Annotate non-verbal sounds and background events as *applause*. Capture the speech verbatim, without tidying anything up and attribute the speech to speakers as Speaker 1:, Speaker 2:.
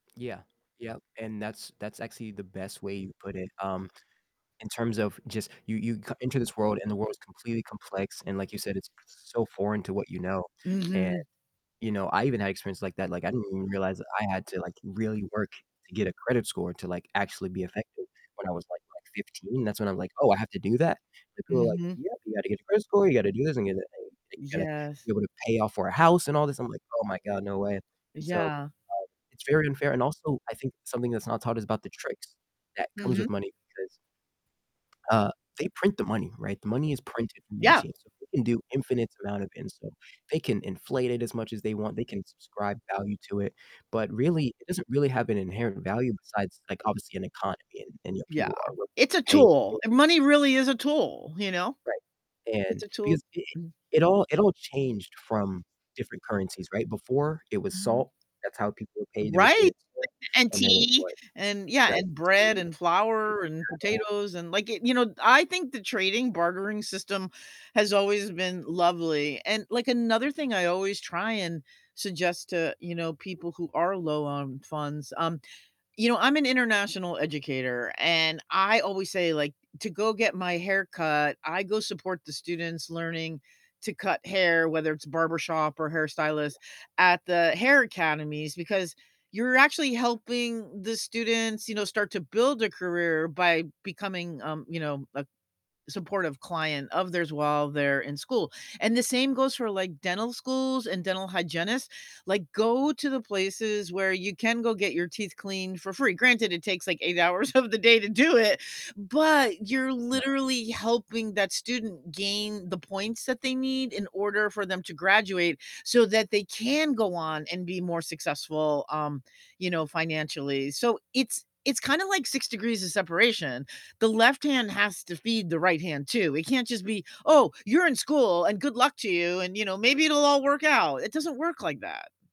Speaker 1: Yeah, yep, and that's that's actually the best way you put it, um, in terms of just you you come into this world and the world's completely complex and like you said, it's so foreign to what you know, and,
Speaker 2: Mhm.
Speaker 1: you know, I even had experience like that, like, I didn't even realize that I had to, like, really work to get a credit score to, like, actually be effective when I was, like like fifteen. That's when I'm like, "Oh, I have to do that?" like, people were like,
Speaker 2: Mhm.
Speaker 1: "Yep, you gotta get a credit score, you gotta do this and get a you gotta
Speaker 2: Yes.
Speaker 1: be able to pay off for a house and all this," I'm like, "Oh my god, no way," and so, um,
Speaker 2: Yeah.
Speaker 1: it's very unfair, and also I think something that's not taught is about the tricks that comes with
Speaker 2: Mhm.
Speaker 1: money because uh, they print the money, right? The money is printed from
Speaker 2: Yeah!
Speaker 1: machines, so they can do infinites amount of it, and so they can inflate it as much as they want, they can subscribe value to it, but really it doesn't really have an inherent value besides like obviously an economy and and, you know,
Speaker 2: Yeah,
Speaker 1: people are willing
Speaker 2: it's a
Speaker 1: to pay
Speaker 2: tool,
Speaker 1: *unintelligible*
Speaker 2: money really is a tool, you know?
Speaker 1: Right,
Speaker 2: It's
Speaker 1: and
Speaker 2: a tool,
Speaker 1: because it
Speaker 2: mm
Speaker 1: it all it all changed from different currencies, right? Before it was
Speaker 2: Mm.
Speaker 1: salt, that's how people were paid, they were paid
Speaker 2: Right,
Speaker 1: in salt,
Speaker 2: and
Speaker 1: and then it
Speaker 2: tea,
Speaker 1: was
Speaker 2: and yeah,
Speaker 1: right,
Speaker 2: and
Speaker 1: tea
Speaker 2: bread and
Speaker 1: and
Speaker 2: flour and
Speaker 1: cattle.
Speaker 2: potatoes and like, it you know, I think the trading, bartering system has always been lovely, and like another thing I always try and suggest to, you know, people who are low on funds, um, you know, I'm an international educator, and I always say, like, to go get my hair cut, I go support the students learning to cut hair, whether it's barbershop or
Speaker 1: Yeah.
Speaker 2: hairstylist at the hair academies, because you're actually helping the students, you know, start to build a career by becoming, um, you know, a supportive client of theirs while they're in school, and the same goes for like dental schools and dental hygienists, like, go to the places where you can go get your teeth cleaned for free, granted, it takes like eight hours of the day to do it, but you're
Speaker 1: Nah.
Speaker 2: literally helping that student gain the points that they need in order for them to graduate so that they can go on and be more successful, um, you know, financially, so it's it's kinda like six degrees of separation, the left hand has to feed the right hand, too, it can't just be, "Oh, you're in school and good luck to you," and you know, "Maybe it'll all work out," it doesn't work like that.